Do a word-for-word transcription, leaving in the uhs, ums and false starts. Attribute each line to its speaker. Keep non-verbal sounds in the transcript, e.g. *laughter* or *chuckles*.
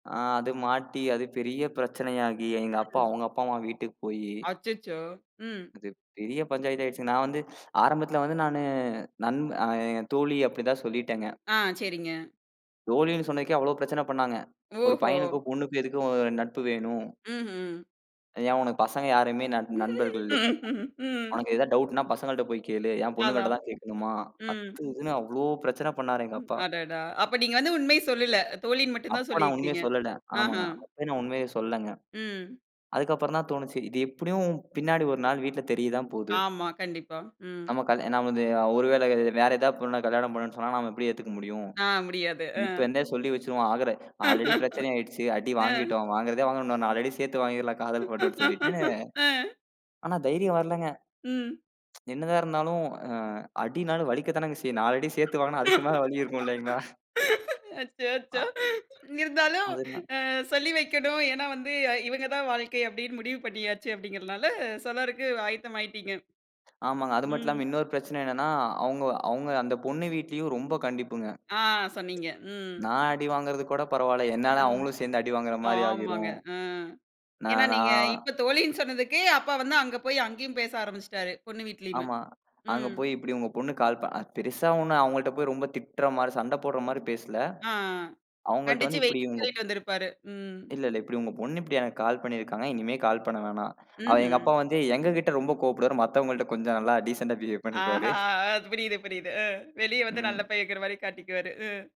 Speaker 1: ஆ அது மாட்டி, அது பெரிய பிரச்சனையாகி. எங்க அப்பா,
Speaker 2: ம்.
Speaker 1: அவங்க அப்பா அம்மா வீட்டுக்கு போயி
Speaker 2: அச்சச்சோ. ம்.
Speaker 1: அது பெரிய பஞ்சாயத்தாயிடுச்சு. நான் வந்து ஆரம்பத்துல வந்து நானு நண்ப அ தோழி அப்டிதான் சொல்லிட்டேங்க.
Speaker 2: ஆ. சரிங்க.
Speaker 1: தோழினு சொன்னதுக்கே அவ்வளவு பிரச்சன பண்ணாங்க. ஒரு
Speaker 2: ஓஹோ!
Speaker 1: பையனுக்கும் பொண்ணுக்கும் எதுக்கு அ நட்பு வேணும்?
Speaker 2: ம்ஹ்ம்.
Speaker 1: ஏன் ஒனக்கு பசங்க யாருமே நண் நண்பர்கள் இல்லையா?
Speaker 2: *laughs*
Speaker 1: ஒனக்கு ஏதாவது டவுட்ன்னா பசங்கள்ட்ட போய் கேளு. ஏன் பொண்ணுங்கள்ட்ட
Speaker 2: அதான்.
Speaker 1: தான் கேக்கணுமா?
Speaker 2: ம்.
Speaker 1: அத்து இதுன்னு அவ்ளோ பிரச்சன பண்ணாரு எங்க அப்பா.
Speaker 2: அடடா! அப்ப நீங்க வந்து உண்மைய சொல்லல. தோழின்னு மட்டும் தான்
Speaker 1: அப்ப நான் உண்மைய
Speaker 2: சொல்லிருக்கீறிங்க.
Speaker 1: சொல்லடன்.
Speaker 2: அஹா.
Speaker 1: ஆமாங்க. அப்பயும் நான் உண்மையை சொல்லங்க.
Speaker 2: ம்.
Speaker 1: அதுக்கப்புறம்தான் தோணுச்சு, இது எப்புடியும் பின்னாடி ஒரு நாள் வீட்ல தெரியதான் போது.
Speaker 2: ஆமா. கண்டிப்பா. ம்.
Speaker 1: நம்ம கல்யா நான் வந்து ஒருவேள வேற ஏதாவது பொண்ண கல்யாணம் பண்ணும்னு சொன்னா, நாம எப்படி ஏத்துக்க முடியும்?
Speaker 2: ஆ. முடியாது. அ.
Speaker 1: இப்ப இந்தே சொல்லி வச்சிருவோம். ஆகற ஆல்ரெடி
Speaker 2: *chuckles*
Speaker 1: பிரச்சனையாயிடுச்சு. அடி
Speaker 2: அ.
Speaker 1: வாங்கிட்டோம். வாங்கறதே வாங்கனம். உன்ன ஒரு நாலு அடி சேத்து வாங்கிறலாம் காதல் பன்றன்னு சொல்லிட்டு.
Speaker 2: *chuckles* அ.
Speaker 1: *unintelligible* ஆனா தைரியம் வரலங்க.
Speaker 2: ம்.
Speaker 1: *tsk* என்னதான் இருந்தாலும் அ அடினாலும் வலிக்கத்தானங்க செய்யும். நாலு அடி சேத்து வாங்கனா அதுக்கு மேல வலி இருக்கும் இல்லைங்களா? அ.
Speaker 2: அச்சச்சோ! இருந்தாலும்
Speaker 1: அதுன
Speaker 2: அ சொல்லி வைக்கணும். ஏன்னா வந்து அ இவங்க தான் வாழ்க்கை அப்டின்னு முடிவு பண்ணியாச்சு அப்படிங்கறனால சொல்லறக்கு ஆயத்தமாயிட்டீங்க.
Speaker 1: ஆமாங்க. அது மட்டும்
Speaker 2: ம்.
Speaker 1: இல்லாம இன்னொரு பிரச்சன என்னன்னா, அவங்க அவங்க அந்தப் பொண்ணு வீட்லீயும் ரொம்ப கண்டிப்புங்க.
Speaker 2: ஆ. சொன்னீங்க. ம்.
Speaker 1: நான் அடி வாங்குறது கூடப் பரவாயில்ல. என்னால
Speaker 2: ம்.
Speaker 1: அவங்களும் சேந்து அடி வாங்கற மாரி
Speaker 2: ஆமாங்க.
Speaker 1: ஆகிரும்.
Speaker 2: அ.
Speaker 1: ந
Speaker 2: ஏன்னா நீங்க
Speaker 1: நான்
Speaker 2: இப்போ தோழின்னு சொன்னதுக்கு அப்பா வந்து அங்க போய் அங்கேயும் பேச ஆரம்பிச்சிட்டாரு. பொண்ணு வீட்டிலேயுமே.
Speaker 1: ஆமா. அங்க
Speaker 2: ம்.
Speaker 1: போய் இப்படி உங்க பொண்ணு கால் ப பெருசா ஒண்ணும் அவங்கள்ட்ட போய் ரொம்ப திட்டுற மாரி, சண்ட போடற மாரி பேசல.
Speaker 2: ஆ.
Speaker 1: அவங்கள்ட்ட
Speaker 2: கண்டிச்சு
Speaker 1: வந்து இப்படி
Speaker 2: வைன்னு
Speaker 1: உங்கப்
Speaker 2: சொல்லிட்டு வந்து இருப்பாரு. ம்.
Speaker 1: இல்ல, இல்ல. இப்டி உங்க பொண்ணு இப்டி எனக்கு கால் பண்ணிருக்காங்க. இனிமே கால் பண்ண வேணாம். அவ எங்க
Speaker 2: ம்ஹ்ம்.
Speaker 1: அப்பா வந்து எங்ககிட்ட ரொம்ப கோவப்படுவார். மத்தவங்கள்ட்ட கொஞ்சம் நல்லா டீசண்ட்டா பிஹேவ் பண்ணிக்குவாரு.
Speaker 2: ஆஹா. புரியுது, புரியுது. ம். வெளிய வந்து நல்ல
Speaker 1: ம்.
Speaker 2: பையங்கரமாரி காட்டிக்குவாரு. ம்.